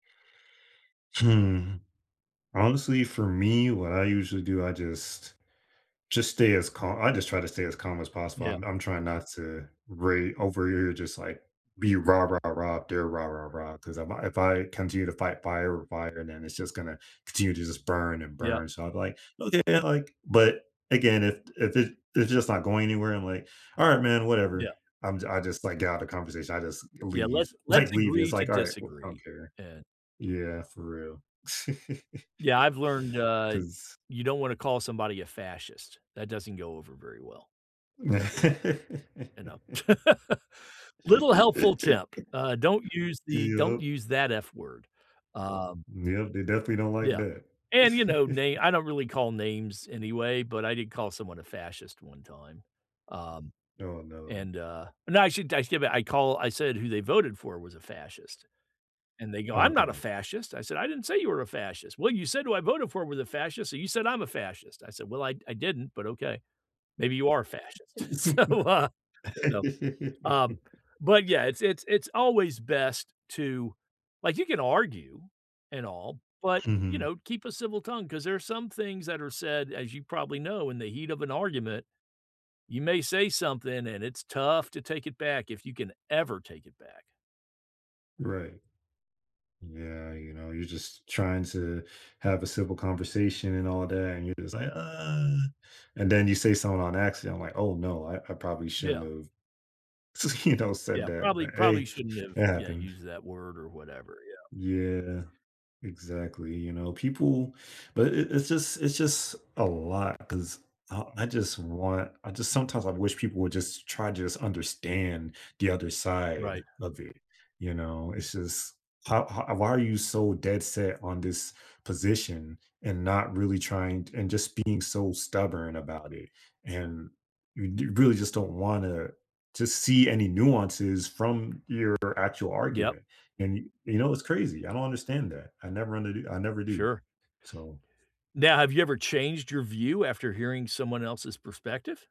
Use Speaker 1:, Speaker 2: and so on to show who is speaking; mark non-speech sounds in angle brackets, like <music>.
Speaker 1: Hmm. Honestly, for me, what I usually do, I just just stay as cal I just try to stay as calm as possible.
Speaker 2: Yeah.
Speaker 1: I'm I'm trying not to rai over here, you're just like, be rah-rah-rah if they're rah-rah-rah 'cause if I if I continue to fight fire with fire, then it's just gonna continue to just burn and
Speaker 2: Yep.
Speaker 1: burn. So I'm like, "Okay," like, but again, if i if it it's just not going anywhere, I'm like, "Alright, man,
Speaker 2: Yeah.
Speaker 1: whatever." I'm I just, like, get out of conversation, I just g
Speaker 2: Yeah,
Speaker 1: leave,
Speaker 2: let's let's
Speaker 1: like, leave. It's
Speaker 2: agree to
Speaker 1: like, alright, w I don't
Speaker 2: disagree,
Speaker 1: care.
Speaker 2: an
Speaker 1: Yeah, for real. <laughs>
Speaker 2: Yeah, I've learned, uh,
Speaker 1: 'Cause
Speaker 2: you don't wanna call somebody a fascist. That doesn't go over very well. So, uh, you know, <laughs> little helpful
Speaker 1: <laughs>
Speaker 2: tip. Uh, don't use the don't
Speaker 1: Yep.
Speaker 2: use that f word, um
Speaker 1: Yep, they definitely don't like
Speaker 2: Yeah,
Speaker 1: that.
Speaker 2: and, you know, na
Speaker 1: <chuckles>
Speaker 2: I don't really call names anyway, but I did call someone a fascist one time, um,
Speaker 1: Oh, no.
Speaker 2: and, uh No, I should, I <unintelligible> I called I said who they voted for was a fascist, and they go,
Speaker 1: Oh,
Speaker 2: "I'm not a
Speaker 1: okay.
Speaker 2: fascist." I said, "I didn't say you were a fascist." "Well you said who I voted for was a fascist, so you said I'm a fascist." I said, "Well, I I didn't, but okay. Maybe you are a fascist." So, uh, you know? Um,
Speaker 1: <laughs>
Speaker 2: but, yeah, it's it's it's always best to like, you can argue and all, but, you
Speaker 1: Mhm.
Speaker 2: know, keep a civil tongue, 'cause there are some things that are said, as you probably know, in the heat of an argument, you may say something, and it's tough to take it back if you can ever take it back.
Speaker 1: Right. Yeah, you know, you're just trying to have a simple conversation and all that, and you're just like, "Uh" And then you say something on accident, like, "Oh, no. I I probably shouldn't
Speaker 2: Yeah.
Speaker 1: have s you know, said
Speaker 2: Yeah,
Speaker 1: that."
Speaker 2: probably
Speaker 1: But,
Speaker 2: probably
Speaker 1: hey,
Speaker 2: shouldn't have,
Speaker 1: it
Speaker 2: yeah,
Speaker 1: happened.
Speaker 2: used that word or whatever, yeah.
Speaker 1: Yeah, exactly, you know, people but it it it's just it's just a lot 'cause, uh, I just want I just sometimes I wish people would just try to just understand the other side
Speaker 2: Right.
Speaker 1: of it, you know? It's just how ho why are you so dead set on this position and not really trying t and just being so stubborn about it? And, you d you really just don't wanna to see any nuances from your actual
Speaker 2: Yep.
Speaker 1: argument. And, yo you know, it's crazy, I don't understand that. I never under d I never do,
Speaker 2: Sure.
Speaker 1: so
Speaker 2: Now, have you ever changed your view after hearing someone else's perspective?